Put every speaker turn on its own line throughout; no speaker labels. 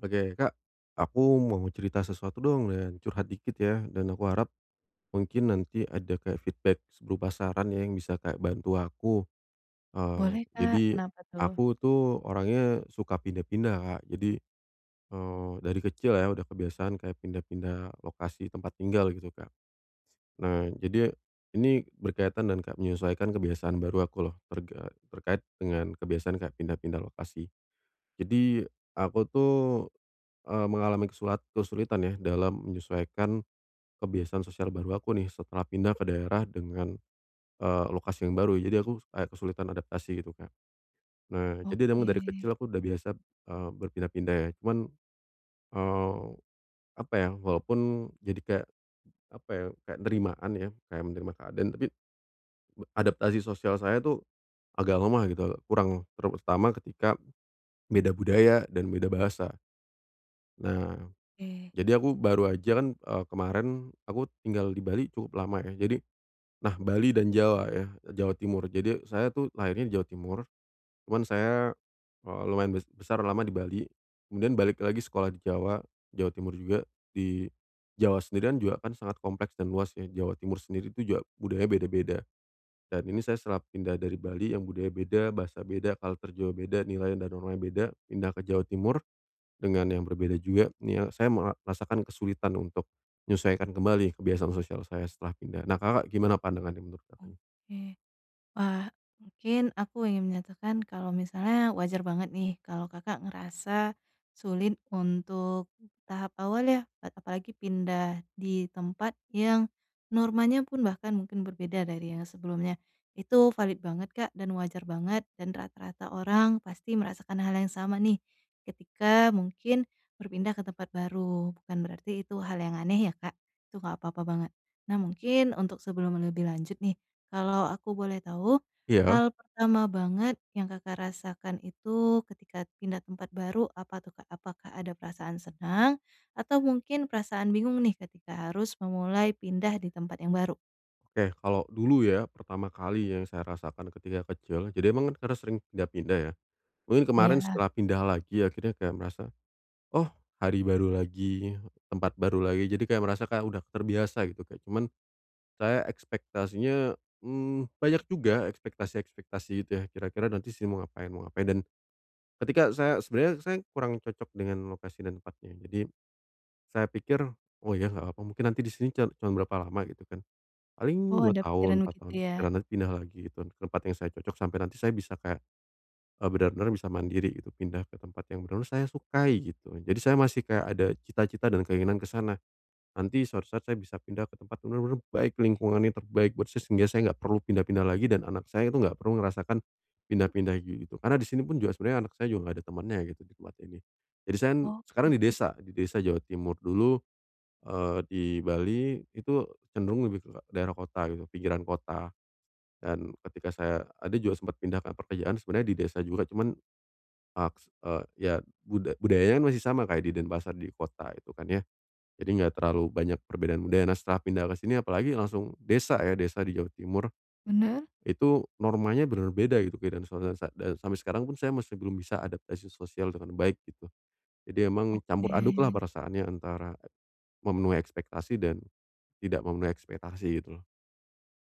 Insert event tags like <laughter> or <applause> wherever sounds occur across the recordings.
Oke. Kak, aku mau cerita sesuatu dong, dan curhat dikit ya, dan aku harap, mungkin nanti ada kayak feedback, s berupa saran ya yang bisa kayak bantu aku. Eee,
Boleh Kak.
jadi,
Kenapa tuh?
aku tuh orangnya, suka pindah-pindah, Kak. Jadi, eee, dari kecil ya, udah kebiasaan kayak pindah-pindah, lokasi tempat tinggal, gitu, Kak. S nah jadi, ini berkaitan dan kak menyesuaikan kebiasaan baru aku loh, terga terkait dengan kebiasaan kayak pindah-pindah lokasi. Jadi aku tuh, eee, mengalami kesulat kesulitan ya, dalam menyesuaikan, kebiasaan sosial baru aku nih, setelah pindah ke daerah dengan, eee, lokasi yang baru, jadi, aku kayak kesulitan adaptasi gitu, Kak. Nah, jadi deng dari
Oke.
kecil aku udah biasa, eee, berpindah-pindah ya, cuman, eee, apa ya, walaupun, jadi kayak, apa ya, kayak nerimaan ya, kayak menerima keadaan. Tapi, b adaptasi sosial saya tuh, agak lemah gitu, agak kurang. Terutama ketika, beda budaya dan beda bahasa. Nah.
Oke.
Jadi aku, baru aja kan, eee, kemarin aku tinggal di Bali, cukup lama ya, jadi nah, Bali dan Jawa ya, e Jawa Timur. Jadi saya tuh, lahirnya di Jawa Timur. Cuman saya, eee, lumayan bes besar lama di Bali. Kemudian balik lagi sekolah di Jawa, Jawa Timur juga. Di Jawa sendirian, juga kan sangat kompleks dan luas ya, Jawa Timur sendiri itu juga, budaya beda-beda. Dan ini saya setelah pindah dari Bali, yang budaya beda, bahasa beda, culture juga beda, nilainya dan normanya beda. Pindah ke Jawa Timur. Dengan yang berbeda juga, nih ya, saya merasakan kesulitan untuk, menyesuaikan kembali kebiasaan sosial saya, setelah pindah, nah Kakak gimana pandangannya, menurut Kakaknya?
Oke. Wah! Mungkin, aku ingin menyatakan kalau misalnya wajar banget nih, kalau Kakak ngerasa, sulit untuk di tahap awal ya, kan apalagi pindah di tempat yang, normanya pun bahkan mungkin berbeda dari yang sebelumnya. Itu valid banget, Kak, dan wajar banget, dan rata-rata orang pasti merasakan hal yang sama nih, ketika mungkin berpindah ke tempat baru. Bukan berarti itu hal yang aneh ya Kak? Itu enggak apa-apa banget. Nah mungkin untuk sebelum e lebih lanjut nih. Kalau aku boleh tahu,
Iya.
hal pertama banget yang Kakak rasakan itu, ketika pindah tempat baru apa tuh, Kak? Apakah ada perasaan senang, atau mungkin perasaan bingung nih, ketika harus memulai pindah di tempat yang baru?
Oke. Kalau dulu ya, pertama kali yang saya rasakan ketika kecil. Jadi emang karena sering pindah-pindah ya. Mungkin kemarin
Iya.
setelah pindah lagi akhirnya kayak merasa, "Oh hari baru lagi, tempat baru lagi." Jadi kayak merasa, kayak udah terbiasa gitu. Ya cuman, saya ekspektasinya, mmm, banyak juga ekspektasi-ekspektasi gitu ya, "Kira-kira nanti saya mau ngapain, mau ngapain." Dan, ketika saya, sebenarnya saya kurang cocok dengan lokasi dan tempatnya. Jadi, saya pikir, "Oh ya enggak apa-apa. Mungkin nanti di sini can cuma berapa lama." Gitu kan. Paling
Oh
2
ada
tahun,
pikiran
4
begitu
tahun,
ya?
nanti pindah lagi ke tempat yang saya cocok sampai nanti saya bisa kayak, e benar-benar bisa mandiri gitu, pindah ke tempat yang benar-benar saya sukai, gitu. Jadi saya masih kayak ada cita-cita dan keinginan ke sana. Nanti suatu saat saya bisa pindah ke tempat yang benar-benar baik lingkungannya, terbaik buat saya sehingga saya enggak perlu pindah-pindah lagi, dan anak saya itu enggak perlu ngerasakan, pindah-pindah ge gitu. Karena di sini pun juga sebenarnya anak saya juga enggak ada temennya gitu di tempat ini. Jadi saya, sekarang
Oke.
di desa, di desa Jawa Timur, dulu, eee, di Bali, itu cenderung lebih ke daerah kota gitu, pinggiran kota. Dan, ketika saya ada juga sempat pindah ke pekerjaan sebenarnya di desa juga. Cuman, maks eee ya buda budayanya masih sama kayak di Denpasar, di kota itu kan ya. Jadi enggak terlalu banyak perbedaan budaya. Nah setelah pindah ke sini, apalagi langsung desa ya, desa di Jawa Timur.
Benar.
Itu, normanya benar beda gitu. Beda dan suatu sa et sampai sekarang pun saya masih belum bisa adaptasi sosial dengan baik, gitu. Jadi emang, campur aduklah
Oke.
perasaannya antara, memenuhi ekspektasi dan, tidak memenuhi ekspektasi gitu loh.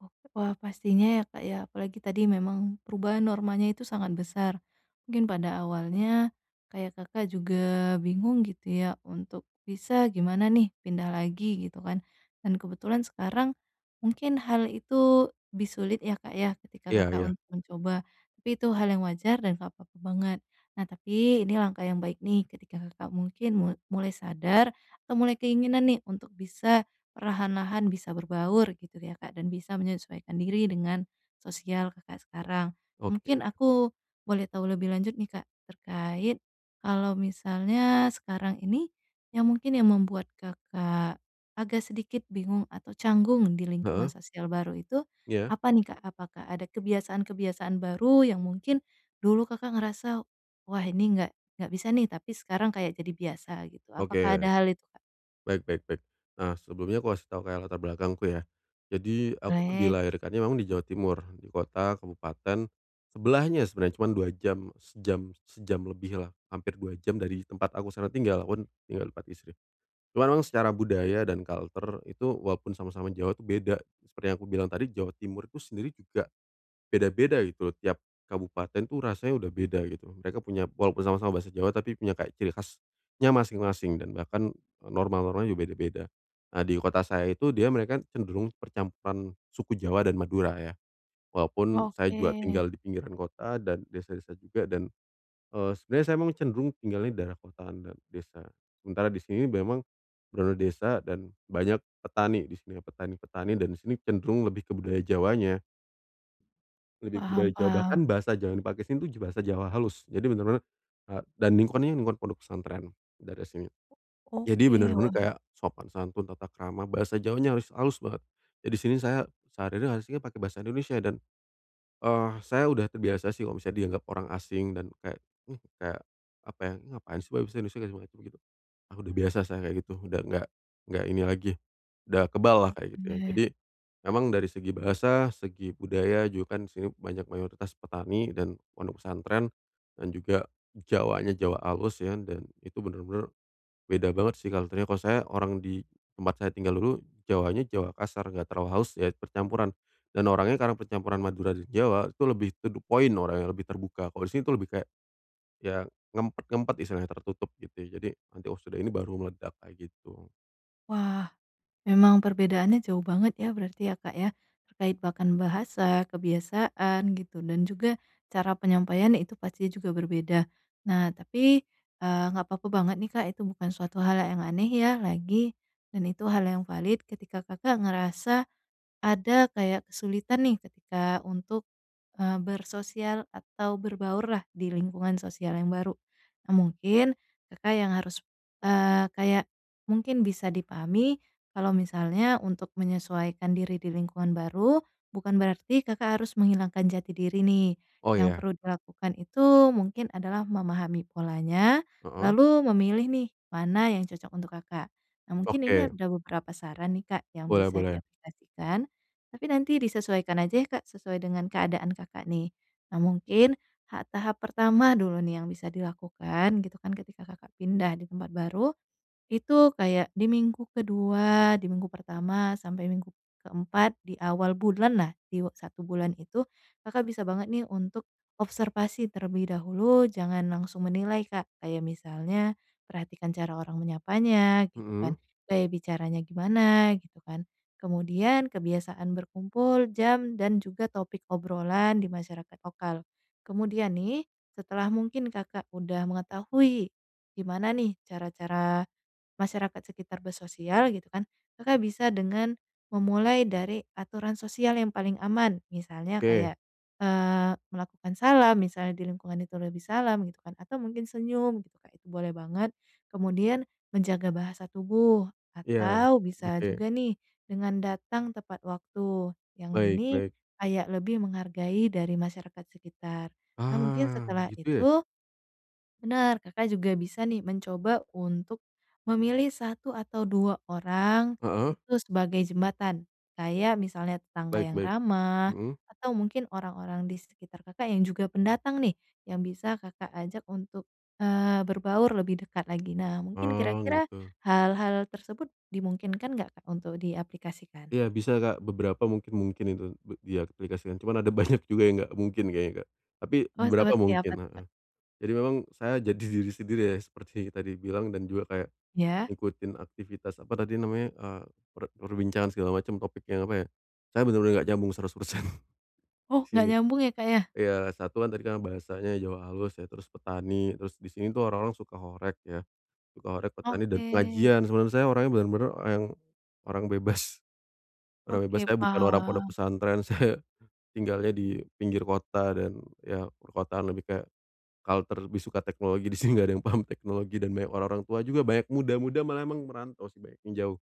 Oh. Wah, pastinya ya, Kak, ya. Apalagi tadi memang perubahan normanya itu sangat besar. Mungkin pada awalnya, kayak Kakak juga bingung gitu ya untuk bisa gimana nih, pindah lagi gitu kan. Dan kebetulan sekarang mungkin hal itu lebih sulit ya, Kak, ya ketika
Iya
Kakak
Iya.
untuk mencoba. Tapi itu hal yang wajar dan enggak apa-apa banget. Nah, tapi ini langkah yang baik nih. Ketika Kakak mungkin mul mulai sadar atau mulai keinginan nih untuk bisa perlahan-lahan bisa berbaur gitu ya, Kak. Dan bisa menyesuaikan diri dengan sosial Kakak sekarang.
Oke.
Mungkin aku boleh tahu lebih lanjut nih, Kak, terkait kalau misalnya sekarang ini yang mungkin yang membuat Kakak agak sedikit bingung atau canggung di lingkungan
Heeh.
sosial baru itu
Iya.
apa nih, Kak? Apakah ada kebiasaan-kebiasaan baru yang mungkin dulu Kakak ngerasa, "Wah ini enggak enggak bisa nih, tapi sekarang kayak jadi biasa," gitu. Apakah
Oke.
ada hal itu, Kak?
Baik baik baik. Nah, sebelumnya aku kasih tahu kayak latar belakangku ya. Jadi, aku tuh
Boleh.
dilahirkannya memang di Jawa Timur, di kota kabupaten sebelahnya sebenarnya. Cuma 2 jam, sejam sejam lebihlah hampir 2 jam dari tempat aku sekarang tinggal. Aku kan tinggal tempat istri. Cuma memang secara budaya dan culture itu walaupun sama-sama Jawa tu beda. Seperti yang aku bilang tadi, Jawa Timur itu sendiri juga beda-beda gitu loh tiap kabupaten, dan itu rasanya udah beda gitu. Mereka punya walaupun sama-sama bahasa Jawa tapi punya kayak ciri khasnya masing-masing dan bahkan norma-normanya juga beda-beda. Nah di kota saya itu, dia mereka cenderung percampuran suku Jawa dan Madura ya. Walaupun saya juga
Oke.
tinggal di pinggiran kota dan desa-desa juga dan, eee, sebenarnya saya memang cenderung tinggalnya di daerah kota dan desa. Sementara di sini memang bener-bener desa dan banyak petani di sini petani-petani dan di sini cenderung lebih ke budaya Jawanya. Lebih ke budaya
Paham
Jawa. Bahkan
paham.
bahasa Jawa yang dipakai sini bahasa Jawa halus. Jadi bener-bener, eee, dan lingkungannya, lingkungan pondok pesantren daerah sini. Jadi,
Oke.
bener-bener
Wah.
kayak sopan santun, tata krama, bahasa Jawanya halus-halus banget. Jadi di sini, saya sehari-hari <unintelligible> pakai bahasa Indonesia dan, eh, saya udah terbiasa sih kalau misalnya dianggap orang asing dan kayak, uh kayak apa ya, "Ini nga ngapain ngapain sih pake bahasa Indonesia." Dari mereka begitu, ah, udah biasa saya kayak gitu, udah enggak enggak ini lagi, udah keballah
Oh.
kayak gitu ya.
Bener.
Jadi, emang dari segi bahasa, segi budaya juga kan di sini banyak mayoritas petani dan pondok pesantren. Dan juga Jawanya Jawa halus ya dan itu bener-bener beda banget sih culture-nya. Kalau saya orang di tempat saya tinggal dulu Jawanya, Jawa kasar enggak terlalu halus ya percampuran. Dan orangnya karena percampuran Madura dan Jawa itu lebih to the point orangnya lebih terbuka. Kalau di sini tu lebih kayak ya ngempet-ngempet istilahnya, tertutup gitu ya. Jadi nanti, "Oh sudah ini baru meledak," kayak gitu.
Wah, memang perbedaannya jauh banget ya berarti ya Kak ya terkait bahkan bahasa, kebiasaan, gitu dan juga cara penyampaiannya itu pastinya juga berbeda. Nah, tapi, eee, nggak papa banget nih Kak itu bukan suatu hal yang aneh ya lagi dan itu hal yang valid ketika Kakak ngerasa ada kayak kesulitan nih ketika untuk, eee, bersosial atau berbaurlah di lingkungan sosial yang baru. Eee, mungkin Kakak yang harus, eee, kayak mungkin bisa dipahami kalau misalnya untuk menyesuaikan diri di lingkungan baru, bukan berarti Kakak harus menghilangkan jati diri nih.
Oh
Yang
ya.
perlu dilakukan itu mungkin adalah memahami polanya,
Heeh.
lalu memilih nih mana yang cocok untuk Kakak. Nah mungkin ini
Oke.
ada beberapa saran nih Kak yang
Boleh
bisa
boleh.
diaplikasikan. Tapi nanti disesuaikan aja ya Kak sesuai dengan keadaan Kakak nih. Nah mungkin ha tahap pertama dulu nih yang bisa dilakukan gitu kan ketika Kakak pindah di tempat baru, itu kayak di minggu ke-2, di minggu pertama, sampai minggu ke-4 di awal bulanlah di u 1 bulan itu Kakak bisa banget nih untuk observasi terlebih dahulu. Jangan langsung menilai Kak, kayak misalnya perhatikan cara orang menyapanya gitu
Hmm.
kan, gaya bicaranya gimana, gitu kan. Kemudian kebiasaan berkumpul, jam, dan juga topik obrolan di masyarakat lokal. Kemudian nih setelah mungkin Kakak udah mengetahui gimana nih cara-cara masyarakat sekitar bersosial gitu kan, Kakak bisa dengan memulai dari aturan sosial yang paling aman, misalnya
Oke.
kayak, eee, melakukan salam misalnya di lingkungan itu lebih salam gitu kan, atau mungkin senyum gitu Kak itu boleh banget. Kemudian menjaga bahasa tubuh
Iya,
atau bisa
oke.
juga nih dengan datang tepat waktu, yang
Baik
ini
baik.
kayak lebih menghargai dari masyarakat sekitar. Nah mungkin
Ah
setelah
gitu ya.
itu bener Kakak juga bisa nih mencoba untuk memilih 1 atau 2 orang,
Heeh.
itu sebagai jembatan. Kayak misalnya tetangga
Baik
yang
baik,
ramah
hmm.
atau mungkin orang-orang di sekitar Kakak yang juga pendatang nih yang bisa Kakak ajak untuk, eee, berbaur lebih dekat lagi. Nah mungkin
Oh
kira-kira,
gitu.
hal-hal tersebut dimungkinkan nggak Kak untuk diaplikasikan?
Iya bisa Kak, beberapa mungkin mungkin itu b diaplikasikan cuma ada banyak juga yang enggak mungkin kayaknya Kak. Tapi
Oh
beberapa
seperti apa
mungkin
tuh Kak?
heeh. Jadi memang saya jadi diri sendiri ya seperti tadi bilang dan juga kayak
Ya.
ngikutin aktivitas apa tadi namanya, eee, per perbincangan segala macam topik yang apa ya, saya bener-bener enggak nyambung 100%,
Oh
di
nggak
sini.
nyambung ya Kak ya?
Iya satu kan tadi karena bahasanya Jawa halus ya, terus petani, terus di sini tuh orang-orang suka horeg ya, suka horeg, petani dan
Oke.
pengajian. Sedangkan saya orangnya bener-bener orang- orang bebas. Orang bebas
Oke
saya bukan orang pondok
paham.
pesantren. Saya tinggalnya di pinggir kota dan ya perkotaan lebih kayak culture, lebih suka teknologi di sini enggak ada yang paham teknologi dan banyak orang-orang tua juga banyak muda-muda malah emang merantau sih banyak yang jauh.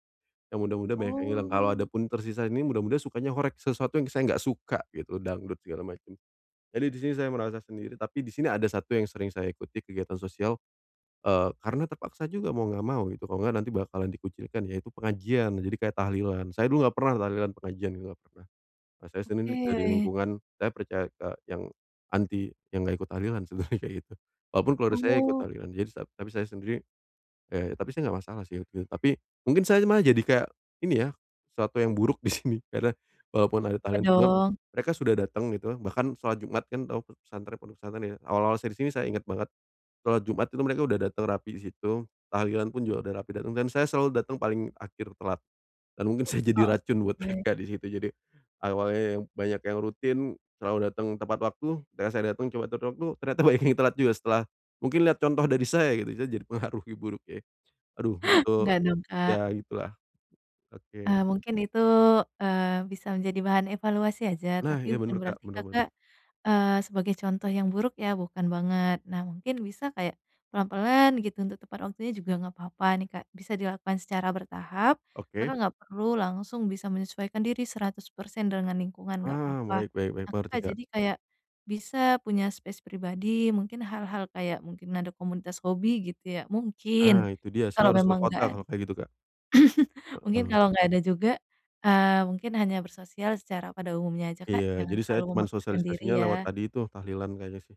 Yang muda-muda banyak yang hilang, kalau
Oh.
adapun tersisa ini muda-muda sukanya horeg, sesuatu yang saya enggak suka gitu, dangdut segala macem. Jadi di sini saya merasa sendiri, tapi di sini ada satu yang sering saya ikuti kegiatan sosial. Eee, karena terpaksa juga mau enggak mau gitu kalau enggak nanti bakalan dikucilkan yaitu pengajian. Jadi kayak tahlilan, saya dulu enggak pernah tahlilan pengajian gitu ga pernah. Kalo saya Senin dari
Oke.
lingkungan saya percaya ke yang anti yang enggak ikut tahlilan sebenernya kayak gitu. Walaupun keluarga saya ikut
Oh.
tahlilan jadi sa tapi saya sendiri ya tapi saya enggak masalah sih itu, tapi mungkin saya malah jadi kayak ini ya, suatu yang buruk di sini. Karena walaupun ada
Ya
tahlilan, cuma
dong.
mereka sudah datang gitu bahkan sholat Jumat kan tau p pesantren pondok pesantren ya, awal-awal saya di sini saya inget banget sholat Jumat itu mereka udah datang rapi di situ. Tahlilan pun juga udah rapi datang dan saya selalu datang paling akhir telat, dan mungkin saya jadi
Oh
racun buat
oke.
mereka di situ jadi, awalnya yang banyak yang rutin selalu datang tepat waktu, ketika saya datang coba tepat waktu ternyata banyak yang telat juga setelah mungkin lihat contoh dari saya gitu, saya jadi pengaruhi buruknya. Aduh untuk,
Enggak dong Kak.
ya gitu lah,
Eee,
oke.
mungkin itu, eee, bisa menjadi bahan evaluasi aja,
Nah.
tapi
Iya
bukan
bener Kak,
berarti
bener bener.
Kakak, eee, sebagai contoh yang buruk ya bukan banget. Nah mungkin bisa kayak pelan-pelan gitu untuk tepat waktunya juga nggak papa nih Kak bisa dilakukan secara bertahap.
Oke.
Kakak nggak perlu langsung bisa menyesuaikan diri 100% dengan lingkungan enggak
Ah
papa.
baik baik baik,
Nah
mengerti
Kakak
Kak.
jadi kayak bisa punya space pribadi, mungkin hal-hal kayak mungkin, ada komunitas hobi gitu ya, mungkin.
Ah itu
Tapi
dia
kalau
saya harus ke
memang nggak
kota
ad
kalo kayak gitu Kak.
<coughs> mungkin
Heeh.
kalau nggak ada juga, eee, mungkin hanya bersosial secara pada umumnya aja Kak,
Iya.
jangan
Jadi saya
terlalu
cuman
memaksakan diri
sosialisasinya lewat
ya.
tadi tuh tahlilan kayaknya sih,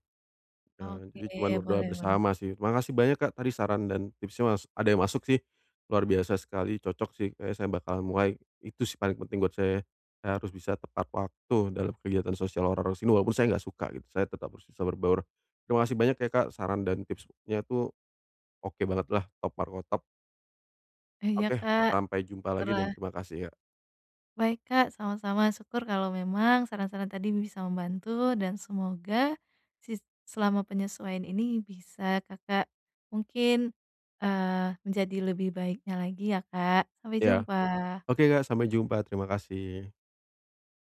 eee,
Oke
jadi cuman berdoa
boleh boleh.
bersama sih. Terima kasih banyak Kak tadi saran dan tipsnya mas ada yang masuk sih, luar biasa sekali. Cocok sih kayaknya saya bakal mulai itu sih paling penting buat saya. Saya harus bisa tepat waktu dalam kegiatan sosial orang-orang sini walaupun saya enggak suka gitu, saya tetap bisa bisa berbaur. Terima kasih banyak ya Kak saran dan tipsnya tuh oke banget lah top markotop.
Iya
Oke.
Kak,
Sampai jumpa lagi dan
terah
terima kasih ya.
Baik Kak, sama-sama syukur kalau memang saran-saran tadi bisa membantu dan semoga sis selama penyesuaian ini bisa Kakak mungkin, eee, menjadi lebih baiknya lagi ya Kak, sampai
Ya.
jumpa.
Oke Kak sampai jumpa terima kasih.